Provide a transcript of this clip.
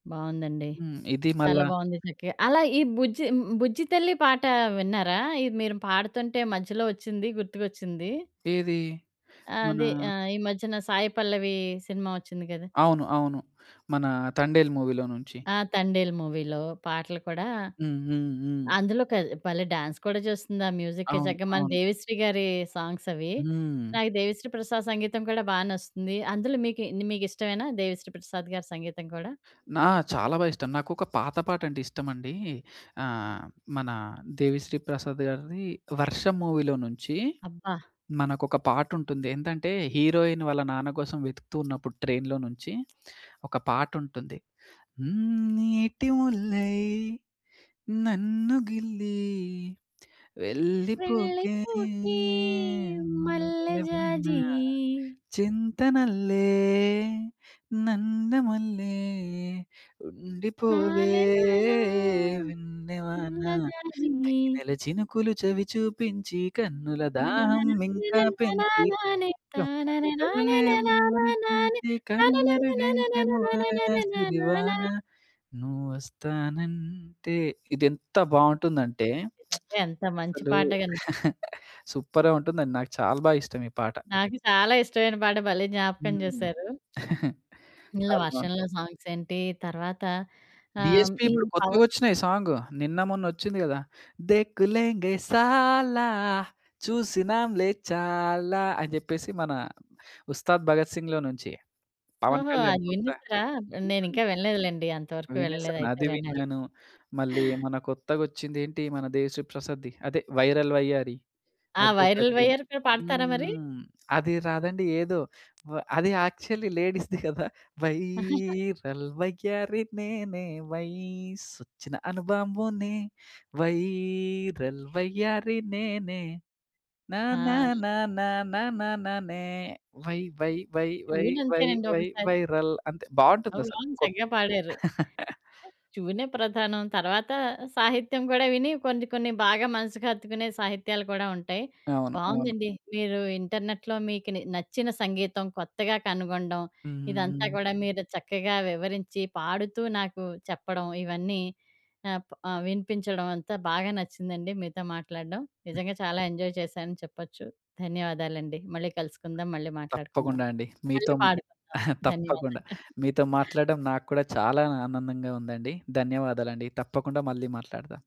బావుందండి. హ్మ్. ఇది చాలా మళ్ళా బావుంది చక్కగ. అలా ఈ బుజ్జి మ్ 'బుజ్జి తల్లి' పాటా విన్నారా? ఈ మీరు పాడుతుంటే, మధ్యలో ఒచ్చింది. గుర్తుకొచ్చింది. ఏదీ? మనా అదే. ఆహ్, ఈ మధ్యన సాయి పల్లవీ సినిమా ఒచ్చింది గదా! అవును. అవును. మనా 'తండేల్' మూవీలో నుంచి. ఆ! 'తండేల్' మూవీలో పాటలు కూడా. హ్మ్. హ్మ్. హ్మ్. అందులో కల్ భలే డాన్స్ కూడా చేస్తుందా మ్యూజిక్‌‌కి అవును. చక్కగ. మన అవును. దేవిశ్రీ గారీ సాంగ్సవి. హ్మ్. నాకు దేవిశ్రీ ప్రసాద్ సంగీతం కూడా బా నచ్చుతుంది. అందులో మీకి న్ మీకిష్టమేనా దేవిశ్రీ ప్రసాద్ గారి సంగీతం కూడా? నా చాలా బా ఇష్టం. నాకొక పాత పాటంటే ఇష్టమండీ. ఆహ్, మనా దేవిశ్రీ ప్రసాద్ గారిది 'వర్షం' మూవీలో నుంచి, అబ్బా! మనకొక పాటుంటుంది. ఏందంటే, హీరోయిన్ వాళ్ళ నాన్న కోసం వెతుకుతూ ఉన్నప్పుడు ట్రైన్‌లో నుంచి, ఒక పాటుంటుంది. హ్మ్. నీటి ముల్లై, నన్ను గిల్లి వెళ్ళిపోకే వెళ్ళిపోకే మల్లె మల్లెవాన. జాజి. చెంతనల్లే, నన్ను మల్లే, ఉండిపోవే లాల లాలా వెన్నె వాన. సన్నజాజి. తేనెల చినుకులు చవి చూపించి, కన్నుల నన నా దాహం నన ఇంకా నా పెంచి, నా నానే, తా కమ్మని ననే నా కలలే ననే నానా నానే, ఉమ్మనిపించి, త నన కనుమరుగై నన నన నన తనువార నన నానా సిరివాన. నా. నువ్వొస్తానంటే, ఇదెంత బావుంటుందంటే, నిజంగ ఎంత మంచి అసలూ పాట అండి. సూపర్‌గ ఉంటుందండి. నాకు చాలా బాగా ఇష్టం ఈ పాట. నాకు చాలా ఇష్టమైన పాట భలే జ్ఞాపకం హ్మ్. జేశారు. ఇందులో చాలా బావున్ వర్షంలో సాంగ్సేంటీ, తర్వాత ఆహ్, డీఎస్‌పి ఈ ఇప్పుడు పవన్ కొత్తగొచ్చినాయి సాంగు. నిన్న, మొన్నొచ్చింది గదా! దేక్కు లేంగే సాల, చూసినాంలే చాలా అని జేప్పేసి మనా 'ఉస్తాద్ భగత్ సింగ్‌'లో నుంచి. పవన్ ఓహో! కళ్యాణ్ అది కొత్త వినేశారా? హ్మ్. నేనింకా వినలేదు లెండి. అంతవరకు వెళ్ళలేదు. వినేశాను. అయితే అది వినాలి. విన్నాను. మళ్ళీ మన కొత్తగొచ్చిందేంటి మన దేవిశ్రీ ప్రసాద్‌ది, అదే 'వైరల్ వయ్యారి.' ఆ! 'వైరల్ అదొకటి. వైయ్యారి' కూడా పాడతారా మరి? హ్మ్. అది రాదండి. ఏదో వ అది యాక్చల్లీ లేడీస్‌ది కదా! వైరల్ వయ్యారి నేనే, వైసొచ్చిన అనుబాంబునే. వైరల్ వయ్యారి నేనే నా నా ఆ! నా నా నా నా నానే. వై వై వై వై వై ట్యూనంతేనండి వై ఒకసారి. వైరల్. అంతే. అవి బావుంటుందసలు. బావుంది. కొత్ చక్కగా పాడారు. ట్యూనే ప్రధానం. తర్వాత సాహిత్యం గూడా విని కొన్ని, కొన్ని బాగా మనసుకు హత్తుకునే సాహిత్యాలు కూడా ఉంటాయి. అవును. అవును. బావుందండి. మీరు ఇంటర్నెట్‌లో మీకు నే నచ్చిన సంగీతం కొత్తగా కనుగొండం, హ్మ్. హ్మ్. ఇదంతా హ్మ్. గూడా మీరు చక్కగా వివరించి, పాడుతూ నాకు చెప్పడం, ఇవన్నీ ఆప్ ఆహ్, వినిపించడం. అంతా బాగా నచ్చిందండి మీతో మాట్లాడడం. హ్మ్. నిజంగా చాలా ఎంజాయ్ చేశానని చెప్పచ్చు. ధన్యవాదాలండి. మళ్ళీ కలుసుకుందాం, మళ్ళీ మాట్లాడుకుందాం, తప్పకుండా అండి. మీతో మళ్ళీ మ్ పాడుకుందాం. ధన్యవాదాలు. తప్పకుండా. మీతో మాట్లాడడం నాకు కూడా, చాలా ఆనందంగా ఉందండి. ధన్యవాదాలండి. తప్పకుండా మళ్ళీ మాట్లాడతా.